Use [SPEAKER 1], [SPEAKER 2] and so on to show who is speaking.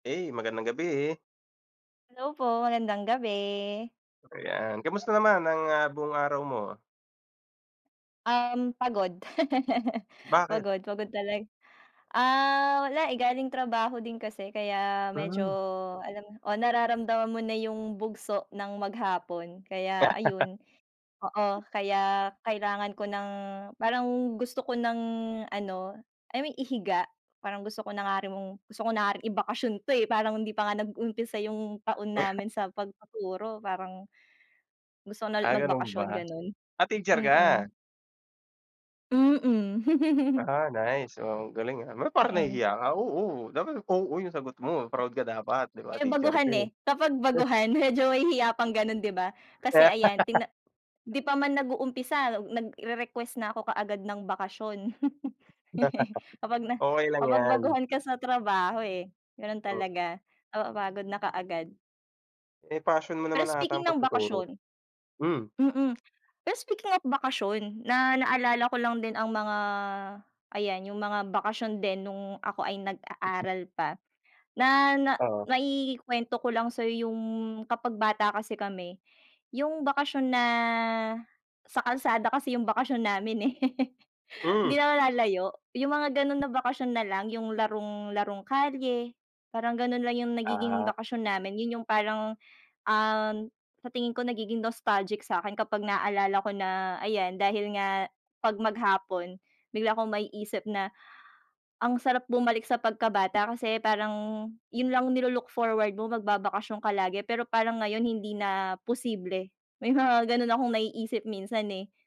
[SPEAKER 1] Ey, magandang gabi.
[SPEAKER 2] Hello po, magandang gabi.
[SPEAKER 1] Ayan, kamusta naman ang, ah, buong araw mo?
[SPEAKER 2] Um, pagod.
[SPEAKER 1] Bakit?
[SPEAKER 2] Pagod, pagod talag um, wala, eh, galing trabaho din kasi kaya medyo
[SPEAKER 1] Hmm.
[SPEAKER 2] alam oh, nararamdaman mo na yung bugso ng maghapon, kaya ayun. Oo kaya, kailangan ko ng parang gusto ko ng ano, I mean, ihiga parang gusto ko na nga ri mong gusto ko na nga rin ibakasyon 'to, eh. Parang hindi pa nga nag-umpisa, yung taon
[SPEAKER 1] Niya, ha
[SPEAKER 2] namin sa pagtuturo parang gusto ko na ulit
[SPEAKER 1] Ah, ganun
[SPEAKER 2] magbakasyon,
[SPEAKER 1] ba?
[SPEAKER 2] ganun.
[SPEAKER 1] Ah, teacher
[SPEAKER 2] Mm.
[SPEAKER 1] ka?
[SPEAKER 2] Mm.
[SPEAKER 1] Ah, nice, oh galing, ah. Ba't parang
[SPEAKER 2] Mm.
[SPEAKER 1] nahihiya ka. Oo, dapat oo yung sagot mo proud ka dapat, 'di
[SPEAKER 2] P
[SPEAKER 1] ba?
[SPEAKER 2] eh,
[SPEAKER 1] Teacher
[SPEAKER 2] baguhan,
[SPEAKER 1] ka, eh.
[SPEAKER 2] eh, kapag
[SPEAKER 1] Heh.
[SPEAKER 2] baguhan medyo may hiya-hiya pang ganon, 'di ba? Kasi ayan tigna 'di pa man nag-uumpisa, nag ire-request na ako kaagad ng bakasyon. Kapag na
[SPEAKER 1] Okey lang
[SPEAKER 2] kapag
[SPEAKER 1] yan.
[SPEAKER 2] baguhan ka sa trabaho, eh, ganun
[SPEAKER 1] Hmm.
[SPEAKER 2] talaga. Oo, pagod ka na kaagad.
[SPEAKER 1] Eh, passion mo
[SPEAKER 2] Pero
[SPEAKER 1] naman ata
[SPEAKER 2] speaking
[SPEAKER 1] ang
[SPEAKER 2] ng
[SPEAKER 1] pagtuturo, eh.
[SPEAKER 2] bakasyon.
[SPEAKER 1] Hmm.
[SPEAKER 2] Mm. Pero speaking of bakasyon na naalala ko lang din ang mga ayan, 'yong mga bakasyon din nung ako ay nag-aaral pa. Na, na
[SPEAKER 1] Oo.
[SPEAKER 2] maikwento ko lang sa'yo 'yong kapag bata kasi kami. Yung bakasyon na sa kalsada kasi yung bakasyon namin, eh.
[SPEAKER 1] Hmm.
[SPEAKER 2] 'Di na ako lalayo. Yung mga ganun na bakasyon na lang yung larong larong kalye, parang ganon lang yung nagiging
[SPEAKER 1] Ah.
[SPEAKER 2] bakasyon namin. Yun yung parang, um, sa tingin ko nagiging nostalgic sa'kin kapag naalala ko na ayan, dahil nga 'pag maghapon, bigla kong maiisip na ang sarap bumalik sa pagkabata kasi parang yun lang nilo-look forward mo magbabakasyon ka lagi. Pero parang ngayon hindi na posible. May mga ganon akong naiisip minsan, eh.